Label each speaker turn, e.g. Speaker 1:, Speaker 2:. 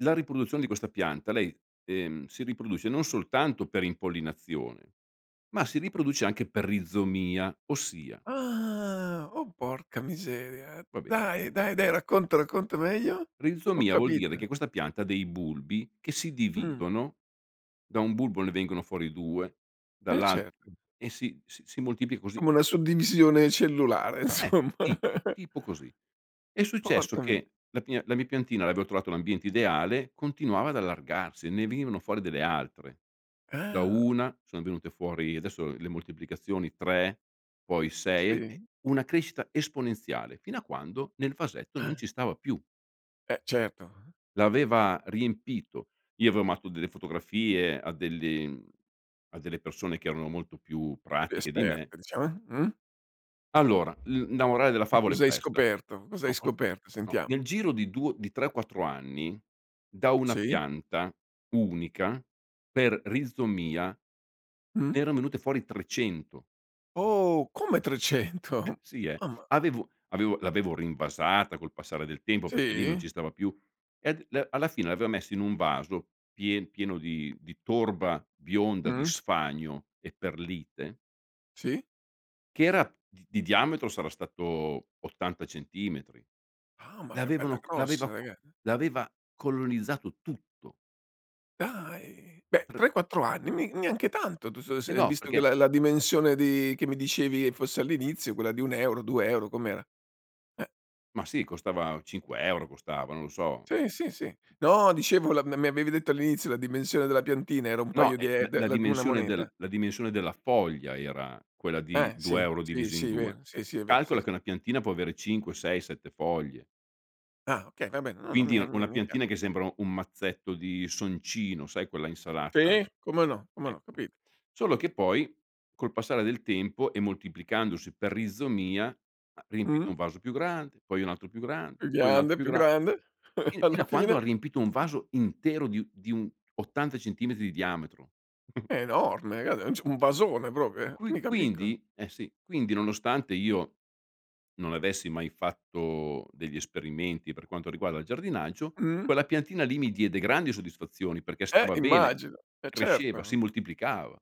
Speaker 1: La riproduzione di questa pianta lei, ehm, si riproduce non soltanto per impollinazione, ma si riproduce anche per rizomia, ossia
Speaker 2: Ah! Oh porca miseria.
Speaker 1: Va beh.
Speaker 2: Dai, dai, dai ,racconta, racconta meglio? Ho
Speaker 1: Rizomia vuol dire
Speaker 2: capito.
Speaker 1: che questa pianta ha dei bulbi, che si
Speaker 2: Mh.
Speaker 1: dividono. Da un bulbo ne vengono fuori 2,
Speaker 2: Eh
Speaker 1: dall'alt
Speaker 2: certo.
Speaker 1: e si si moltiplica così.
Speaker 2: Come una suddivisione cellulare
Speaker 1: Eh,
Speaker 2: insomma.
Speaker 1: tipo tipo così. È successo
Speaker 2: Porca mi
Speaker 1: che la mia la mia piantina aveva trovato l'ambiente ideale, continuava ad allargarsi, ne venivano fuori delle altre. Da
Speaker 2: Ah!
Speaker 1: una sono venute fuori, adesso, le moltiplicazioni: 3 poi 6, e
Speaker 2: Sì?
Speaker 1: una crescita esponenziale, fino a quando nel vasetto non ci stava più.
Speaker 2: E certo.
Speaker 1: L'aveva riempito, io avevo mandato delle fotografie a delle a delle persone che erano molto più
Speaker 2: Più
Speaker 1: pratiche di me
Speaker 2: esperto, diciamo, eh. Uhm?
Speaker 1: Allora, l la morale della
Speaker 2: Che
Speaker 1: favola è
Speaker 2: cos'hai
Speaker 1: questa:
Speaker 2: scoperto? Cos'hai
Speaker 1: no o no.
Speaker 2: scoperto
Speaker 1: No,
Speaker 2: sentiamo?
Speaker 1: nel giro di 2 di 3, 4 anni, da una
Speaker 2: Sì.
Speaker 1: pianta unica, per rizomia, ne
Speaker 2: Mh.
Speaker 1: erano venute fuori 300.
Speaker 2: Oh! Come 300?
Speaker 1: Eh, sì, eh!
Speaker 2: Mamma!
Speaker 1: Avevo avevo l'avevo rinvasata col passare del tempo perché lì non ci
Speaker 2: Si?
Speaker 1: stava più. Ed le alla fine l'avevo messo in un vaso pie pieno di di torba bionda, di
Speaker 2: Mh.
Speaker 1: sfagno e perlite
Speaker 2: Sì.
Speaker 1: che era di diametro sarà stato 80 centimetri.
Speaker 2: Ah, ma che bella
Speaker 1: L'avevano c l'aveva
Speaker 2: grossa
Speaker 1: c
Speaker 2: raga
Speaker 1: l'aveva colonizzato tutto.
Speaker 2: Dai, beh,
Speaker 1: Pr
Speaker 2: 3, 4 anni, mi neanche tanto
Speaker 1: E
Speaker 2: [unintelligible]
Speaker 1: no,
Speaker 2: visto che
Speaker 1: perché
Speaker 2: la la dimensione di che mi dicevi fosse all'inizio, quella di 1 €, 2 €, com'era? Eh.
Speaker 1: ma sì, costava 5 € costava, non lo so.
Speaker 2: Sì sì sì. No dicevo la m m mi avevi detto all'inizio, la dimensione della piantina era un
Speaker 1: No,
Speaker 2: paio
Speaker 1: e
Speaker 2: di
Speaker 1: l
Speaker 2: e de
Speaker 1: la
Speaker 2: di una
Speaker 1: dimensione del
Speaker 2: moneta.
Speaker 1: la dimensione della foglia era quella di
Speaker 2: Eh!
Speaker 1: due
Speaker 2: Sì,
Speaker 1: euro,
Speaker 2: sì,
Speaker 1: diviso in
Speaker 2: sì.
Speaker 1: 2.
Speaker 2: Vero, sì, sì. È vero, sì,
Speaker 1: Calcola che
Speaker 2: sì.
Speaker 1: una piantina può avere 5, 6, 7 foglie
Speaker 2: Ah! Okay, va bene, no, no, mi
Speaker 1: quindi,
Speaker 2: è
Speaker 1: un una
Speaker 2: mi è
Speaker 1: piantina
Speaker 2: chiaro.
Speaker 1: che sembra un mazzetto di soncino, sai quella insalata?
Speaker 2: Sì, come no, come no,
Speaker 1: Ecco,
Speaker 2: capito.
Speaker 1: solo che poi, col passare del tempo, e moltiplicandosi per rizomia, ha riempito
Speaker 2: Mh.
Speaker 1: un vaso più grande, poi un altro più grande,
Speaker 2: Più
Speaker 1: poi un altro
Speaker 2: grande,
Speaker 1: più
Speaker 2: più
Speaker 1: grande,
Speaker 2: grande e
Speaker 1: fin fino
Speaker 2: alla
Speaker 1: a quando
Speaker 2: fine?
Speaker 1: riempito un vaso intero di un di un 80 centimetri di diametro.
Speaker 2: È enorme, [unintelligible] un vasone proprio, eh,
Speaker 1: Qui
Speaker 2: mica piccola.
Speaker 1: quindi eh sì, quindi nonostante io non avessi mai fatto degli esperimenti per quanto riguarda il giardinaggio,
Speaker 2: Mh.
Speaker 1: quella piantina lì mi diede grandi soddisfazioni, perché
Speaker 2: Eh
Speaker 1: stava bene,
Speaker 2: immagino! E
Speaker 1: cresceva, si
Speaker 2: certo.
Speaker 1: moltiplicava.